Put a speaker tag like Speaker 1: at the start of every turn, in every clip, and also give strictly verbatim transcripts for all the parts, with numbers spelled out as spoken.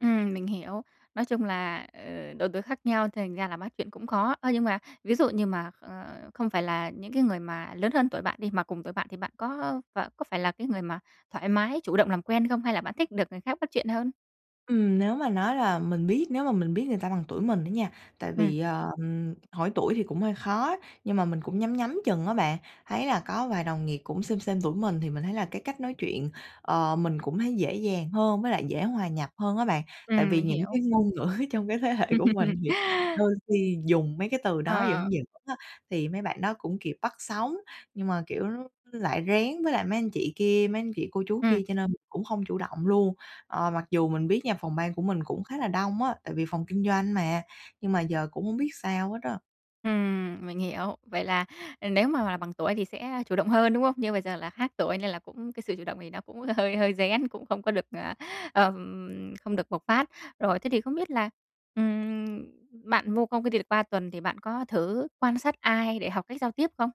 Speaker 1: Ừm, mình hiểu. Nói chung là, ờ, độ tuổi khác nhau thành ra là bắt chuyện cũng khó. Ơ, nhưng mà ví dụ như mà, ờ, không phải là những cái người mà lớn hơn tuổi bạn đi, mà cùng tuổi bạn thì bạn có, ơ, ph có phải là cái người mà thoải mái, chủ động làm quen không? Hay là bạn thích được người khác bắt chuyện hơn?
Speaker 2: Ừm, nếu mà nói là mình biết nếu mà mình biết người ta bằng tuổi mình á nha tại
Speaker 1: Ừm.
Speaker 2: vì, ờm, hỏi tuổi thì cũng hơi khó á, nhưng mà mình cũng nhắm nhắm chừng á bạn, thấy là có vài đồng nghiệp cũng xêm xêm tuổi mình thì mình thấy là cái cách nói chuyện, ờ, mình cũng thấy dễ dàng hơn, với lại dễ hòa nhập hơn á bạn. Tại
Speaker 1: Ừm,
Speaker 2: vì
Speaker 1: mình
Speaker 2: những cái
Speaker 1: hiểu.
Speaker 2: ngôn ngữ trong cái thế hệ của mình thì đôi khi dùng mấy cái từ đó
Speaker 1: Ờ.
Speaker 2: giỡn giỡn á, thì mấy bạn đó cũng kịp bắt sóng. Nhưng mà, kiểu, lại rén với lại mấy anh chị kia, mấy anh chị cô chú
Speaker 1: Ừm.
Speaker 2: kia cho nên mình cũng không chủ động luôn. Ờ, mặc dù mình biết nha phòng ban của mình cũng khá là đông á, tại vì phòng kinh doanh mà, nhưng mà giờ cũng không biết sao hết á.
Speaker 1: Ừm, mình hiểu. Vậy là, ờ, nếu mà là bằng tuổi thì sẽ chủ động hơn, đúng không? Như bây giờ là khác tuổi nên là cũng cái sự chủ động thì nó cũng hơi hơi rén, cũng không có được, ờ, ừm, không được bộc phát. Rồi thế thì không biết là, ừm, bạn vô công cái ty được ba tuần thì bạn có thử quan sát ai để học cách giao tiếp không?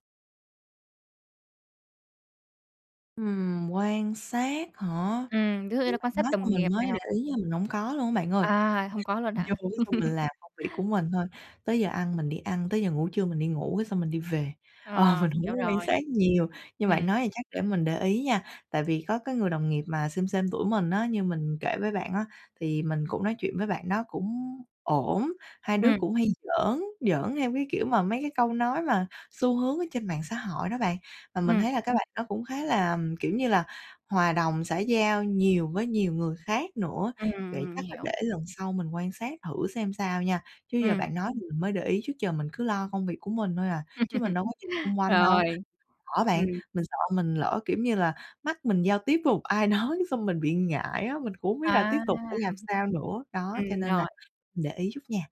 Speaker 2: Ừm, quan sát hả?
Speaker 1: Ừm, ví dụ như
Speaker 2: Kiểu,
Speaker 1: là
Speaker 2: bạn
Speaker 1: quan sát
Speaker 2: nói xong
Speaker 1: đồng
Speaker 2: mình
Speaker 1: nghiệp này
Speaker 2: mới để
Speaker 1: hoặc
Speaker 2: ý nha, mình hổng có luôn á bạn ơi.
Speaker 1: À, hông có luôn
Speaker 2: Mình
Speaker 1: hả?
Speaker 2: vô cái xong mình làm công việc của mình thôi, tới giờ ăn mình đi ăn, tới giờ ngủ trưa mình đi ngủ cái xong mình đi về.
Speaker 1: Ờ,
Speaker 2: Ờ, mình
Speaker 1: mình
Speaker 2: hổng
Speaker 1: hiểu
Speaker 2: có quan
Speaker 1: rồi.
Speaker 2: sát nhiều. Như bạn
Speaker 1: Ừm.
Speaker 2: nói thì chắc để mình để ý nha. Tại vì có cái người đồng nghiệp mà xêm xêm tuổi mình á, như mình kể với bạn á, thì mình cũng nói chuyện với bạn đó cũng ổn. Hai đứa
Speaker 1: Ừm.
Speaker 2: cũng hay giỡn, giỡn theo cái kiểu mà mấy cái câu nói mà xu hướng ở trên mạng xã hội đó bạn. Và mình
Speaker 1: Ừm.
Speaker 2: thấy là cái bạn đó cũng khá là, kiểu như là, hòa đồng, xã giao nhiều với nhiều người khác nữa. Vậy
Speaker 1: Ừm,
Speaker 2: chắc là
Speaker 1: hiểu.
Speaker 2: để lần sau mình quan sát thử xem sao nha. Chứ giờ
Speaker 1: Ừm.
Speaker 2: bạn nói thì mình mới để ý, trước giờ mình cứ lo công việc của mình thôi à, chứ mình đâu có nhìn xung quanh đâu
Speaker 1: Rồi,
Speaker 2: [unintelligible] á bạn.
Speaker 1: ừm.
Speaker 2: Mình sợ mình lỡ, kiểu như là, mắt mình giao tiếp với một ai đó cái xong mình bị ngại á, mình cũng không biết là
Speaker 1: À!
Speaker 2: tiếp
Speaker 1: Ừm
Speaker 2: tục phải làm sao nữa. Đó,
Speaker 1: húm.
Speaker 2: cho
Speaker 1: Ừm,
Speaker 2: nên là
Speaker 1: rồi.
Speaker 2: mình để ý chút nha.